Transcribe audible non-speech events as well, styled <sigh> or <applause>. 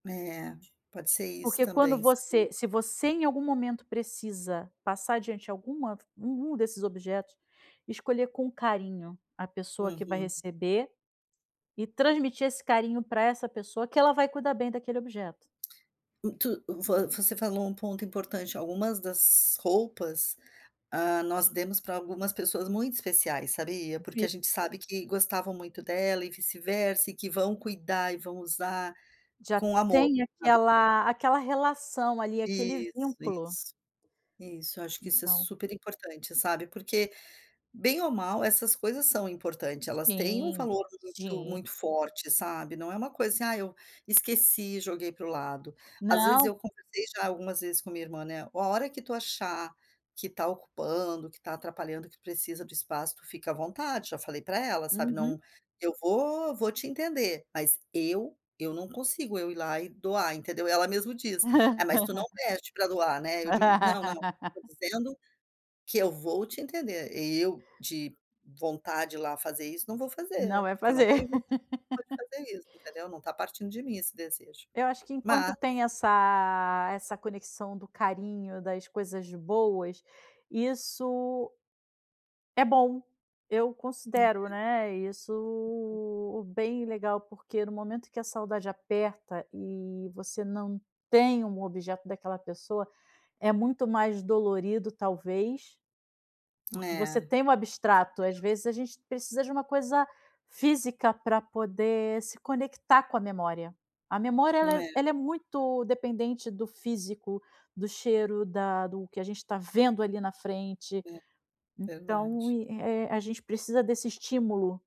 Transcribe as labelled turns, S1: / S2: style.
S1: É. Pode ser isso
S2: Porque quando
S1: também,
S2: você
S1: sabia.
S2: se você, em algum momento, precisa passar adiante alguma v um um desses objetos, escolher com carinho a pessoa que vai
S1: Uhum.
S2: receber, e transmitir esse carinho pra essa pessoa, que ela vai cuidar bem daquele objeto.
S1: Muito vo você falou um ponto importante. Algumas das roupas, hã, nós demos pra algumas pessoas muito especiais, sabia? Porque
S2: Vi
S1: a gente sabe que gostavam muito dela e vice-versa, e que vão cuidar e vão usar
S2: Já
S1: com amor,
S2: tem
S1: sabe?
S2: aquela aquela relação ali, aquele
S1: Isso,
S2: vínculo.
S1: isso. Isso, eu acho que isso é
S2: Então
S1: super importante, sabe, porque bem ou mal, essas coisas são importante, elas têm um
S2: Sim,
S1: valor muito
S2: sim.
S1: muito forte, sabe. Não é uma coisa, assim: "Ah, eu esqueci e joguei pra o lado." Às vezes
S2: Não.
S1: eu conversei já algumas vezes com minha irmã né, "A a hora que tu achar que tá ocupando, que tá atrapalhando, que precisa do espaço, tu fica à vontade." Já falei pra ela, sabe,
S2: Uhum.
S1: "Não eu vou vou te entender." Mas eu eu não consigo, eu ir lá e doar, entendeu. Ela mesmo diz: "É, mas tu não
S2: <laughs>
S1: pede pra doar, né". E eu digo: "Não não, não. Eu tô
S2: <laughs>
S1: dizendo, que eu vou te entender. Eu de vontade de ir lá fazer isso, não vou
S2: Não
S1: fazer,
S2: vai
S1: porque eu não
S2: fazer.
S1: tenho vontade nenhuma de
S2: <laughs>
S1: fazer isso, entendeu, não tá partindo de mim, esse desejo."
S2: Eu acho que
S1: Mas
S2: enquanto tem essa essa conexão do carinho, das coisas boas, isso é bom. Eu considero,
S1: É.
S2: né,
S1: Uhum.
S2: isso bem legal porque, no momento que a saudade aperta e você não tem um objeto daquela pessoa, é muito mais dolorido talvez, porque
S1: É.
S2: você
S1: Com
S2: tem um abstrato. Às
S1: certeza.
S2: vezes a gente precisa de uma coisa física pra poder se conectar com a memória. A memória, ela é
S1: É.
S2: ela é muito dependente do físico, do cheiro, da do que a gente tá vendo ali na frente.
S1: É.
S2: Então,
S1: Verdade.
S2: i eh eh, a gente precisa desse estímulo.